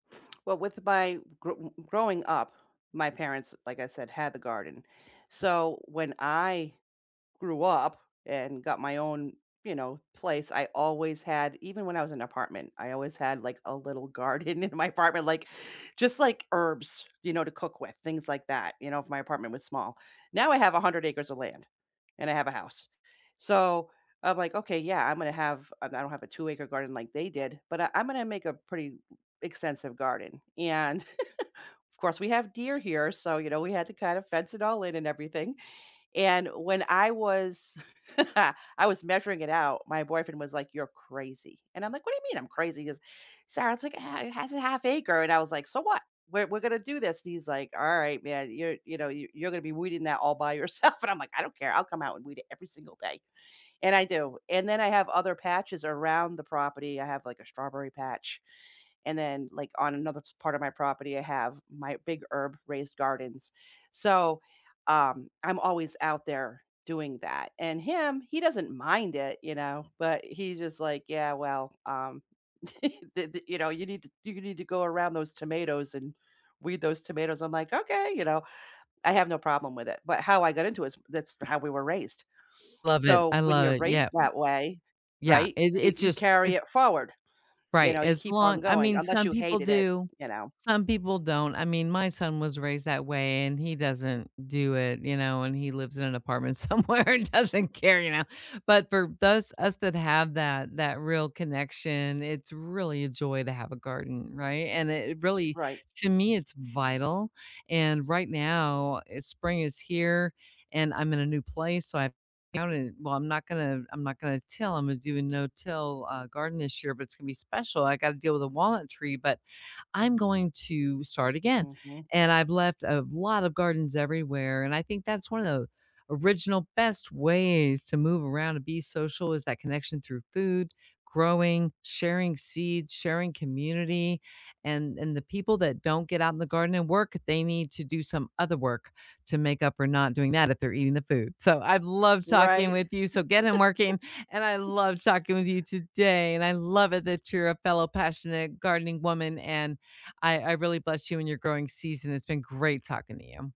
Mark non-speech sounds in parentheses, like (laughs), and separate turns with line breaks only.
Well, with my gro growing up, my parents, like I said, had the garden. So, when I grew up and got my own, you know, place, I always had even when I was in apartment, I always had, like, a little garden in my apartment. Like, just like herbs, you know, to cook with, things like that, you know, if my apartment was small. Now, I have 100 acres of land, and I have a house. So, I'm like, "Okay, yeah, I'm gonna have I don't have a two-acre garden like they did, but I I'm gonna make a pretty m extensive garden." And (chuckles) of course we have deer here, so, you know, we had to kind of fence it all in and everything. And when I was (chuckles) I was measuring it out, my boyfriend was like, "You're crazy," and I'm like, "What do you mean I'm crazy?" He goes, "Sarah, it's like, a ha it has 1/2 acre," and I was like, "So what? We're we're gonna do this," and he's like, "Alright, man. You're you know, y you're gonna be weeding that all by yourself," and I'm like, "I don't care. I'll come out and weed it every single day." And I do. And then I have other patches around the property. I have, like, a strawberry patch, and then, like, on another s part of my property, I have my big herb raised gardens. So, um, I'm always out there doing that, and him, he doesn't mind it, you know? But he's just like, "Yeah. Well, um" (chuckles) The the you know, you need to you need to go around those tomatoes and weed those tomatoes." I'm like, "Okay," you know? I have no problem with it. But how I got into it is that's how we were raised.
Love it.
So,
I
when you're
love it.
raised
Yeah.
that way,
Yeah.
right,
It
i
it's
you
just
carry
it's
it forward, you
Right.
know, you
As
keep on
long I
going
mean,
unless
some
you
people
hated it,
do,
you know?
some people don't. I mean, my son was raised that way and he doesn't do it, you know, and he lives in an apartment somewhere and doesn't care, you know, but for those us that have that that real connection, it's really a joy to have a garden, right? And it really
Right.
to me, it's vital, and right now, spring is here, and I'm in a new place, so I found it well, I'm not gonna I'm not gonna till. Imma do a no-till, uh, garden this year, but it's gonna be special. I gotta deal with a walnut tree, but I'm going to start again,
Mhm.
and I've left a lot of gardens everywhere, and I think that's one of the original best ways to move around and be social is that connection through food, growing, sharing seeds, sharing community, and and the people that don't get out in the garden and work, they need to do some other work to make up for not doing that if they're eating the food. So, I've loved talking
Right.
with you, so get in working, and I
(laughs)
love talking with you today, and I love it that you're a fellow passionate gardening woman, and I I really bless you in your growing season. It's been great talking to you.